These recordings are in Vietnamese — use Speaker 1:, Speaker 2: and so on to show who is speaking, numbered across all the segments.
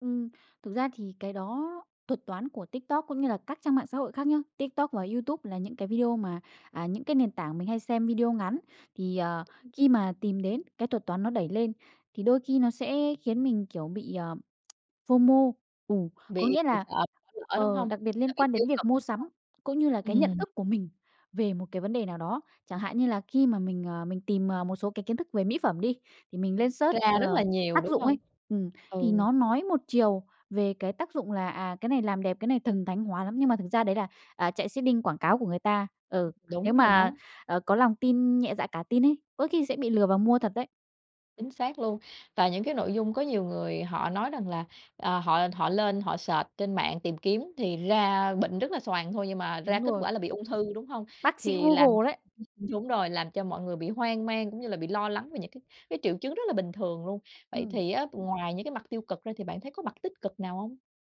Speaker 1: Ừm. Thực ra thì cái đó thuật toán của TikTok cũng như là các trang mạng xã hội khác nhá, TikTok và Youtube là những cái video mà, à, những cái nền tảng mình hay xem video ngắn thì, ờ,
Speaker 2: [unintelligible]
Speaker 1: khi mà tìm đến cái thuật toán nó đẩy lên thì đôi khi nó sẽ khiến mình, kiểu, bị, ờ, FOMO, ừ, có
Speaker 2: Bị
Speaker 1: nghĩa
Speaker 2: ừm,
Speaker 1: là
Speaker 2: sợ bỏ lỡ, đúng
Speaker 1: ờ,
Speaker 2: hông?
Speaker 1: đặc biệt
Speaker 2: Sợ
Speaker 1: liên
Speaker 2: bị
Speaker 1: quan
Speaker 2: tiêu
Speaker 1: đến việc
Speaker 2: cực,
Speaker 1: mua
Speaker 2: đúng
Speaker 1: sắm cũng như là
Speaker 2: hông?
Speaker 1: cái nhận
Speaker 2: Ừm.
Speaker 1: thức của mình về một cái vấn đề nào đó chẳng hạn như là khi mà mình, ờ, mình tìm, ờ, một số cái kiến thức về mỹ phẩm đi thì mình lên search,
Speaker 2: Ra rất là
Speaker 1: ờ,
Speaker 2: nhiều,
Speaker 1: tác
Speaker 2: đúng
Speaker 1: dụng
Speaker 2: hông?
Speaker 1: ấy ừm, thì
Speaker 2: Ừ.
Speaker 1: nó nói một chiều về cái tác dụng là, à, cái này làm đẹp, cái này thần thánh hóa lắm nhưng mà thực ra đấy là, à, chạy seeding quảng cáo của người ta, ừ, nếu
Speaker 2: Đúng rồi
Speaker 1: mà,
Speaker 2: đó.
Speaker 1: ờ, có lòng tin nhẹ dạ cả tin ấy có khi sẽ bị lừa và mua thật đấy.
Speaker 2: Chính xác luôn. Và những cái nội dung có nhiều người họ nói rằng là, ờ, họ họ lên họ search trên mạng tìm kiếm thì ra bệnh rất là xoàng thôi nhưng mà ra
Speaker 1: Đúng
Speaker 2: kết
Speaker 1: rồi.
Speaker 2: quả là bị ung thư, đúng hông?
Speaker 1: Bác sĩ
Speaker 2: Thì làm
Speaker 1: Google đấy!
Speaker 2: [unintelligible] đúng rồi, làm cho mọi người bị hoang mang cũng như là bị lo lắng về những cái cái triệu chứng rất là bình thường luôn. Vậy
Speaker 1: Ừm.
Speaker 2: thì á, ngoài những cái mặt tiêu cực ra thì bạn thấy có mặt tích cực nào hông?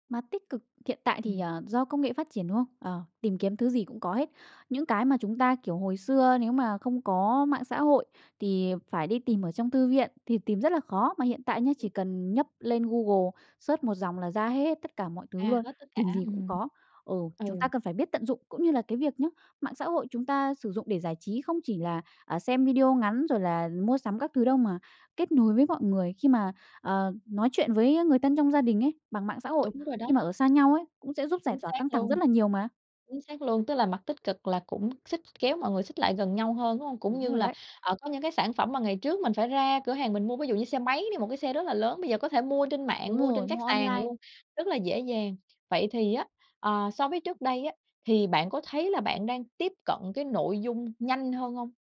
Speaker 1: Mặt tích cực hiện tại thì,
Speaker 2: Ừm.
Speaker 1: ờ, do công nghệ phát triển, đúng không? Ờ, tìm kiếm thứ gì cũng có hết, những cái mà chúng ta, kiểu, hồi xưa nếu mà không có mạng xã hội thì phải đi tìm ở trong thư viện thì tìm rất là khó mà hiện tại nhé, chỉ
Speaker 2: [unintelligible]
Speaker 1: cần nhấp lên Google search 1 dòng là ra hết tất cả mọi
Speaker 2: A,
Speaker 1: thứ luôn,
Speaker 2: hết tất cả,
Speaker 1: tìm gì cũng
Speaker 2: ừm.
Speaker 1: có ừ,
Speaker 2: Ừ.
Speaker 1: chúng ta cần phải biết tận dụng cũng như là cái việc nhé, mạng xã hội chúng ta sử dụng để giải trí không chỉ là, ờ, xem video ngắn rồi là mua sắm các thứ đâu mà kết nối với mọi người khi mà, ờ, nói chuyện với người thân trong gia đình ấy bằng mạng xã hội
Speaker 2: Đúng rồi đó.
Speaker 1: khi mà ở xa nhau ấy cũng sẽ giúp giải
Speaker 2: Chính
Speaker 1: tỏa
Speaker 2: xác
Speaker 1: căng thẳng rất
Speaker 2: luôn.
Speaker 1: là nhiều mà.
Speaker 2: Chính xác luôn, tức là mặt tích cực là cũng xích kéo mọi người xích lại gần nhau hơn, đúng hông? Cũng
Speaker 1: Đúng
Speaker 2: như
Speaker 1: rồi
Speaker 2: là,
Speaker 1: đấy.
Speaker 2: ờ, có những cái sản phẩm mà ngày trước mình phải ra cửa hàng mình mua ví dụ như xe máy đi, một cái xe rất là lớn, bây giờ có thể mua trên mạng,
Speaker 1: Đúng
Speaker 2: mua trên
Speaker 1: rồi,
Speaker 2: các
Speaker 1: mua
Speaker 2: sàn
Speaker 1: online.
Speaker 2: luôn rất là dễ dàng. Vậy thì á, ờ, so với trước đây á thì bạn có thấy là bạn đang tiếp cận cái nội dung nhanh hơn hông?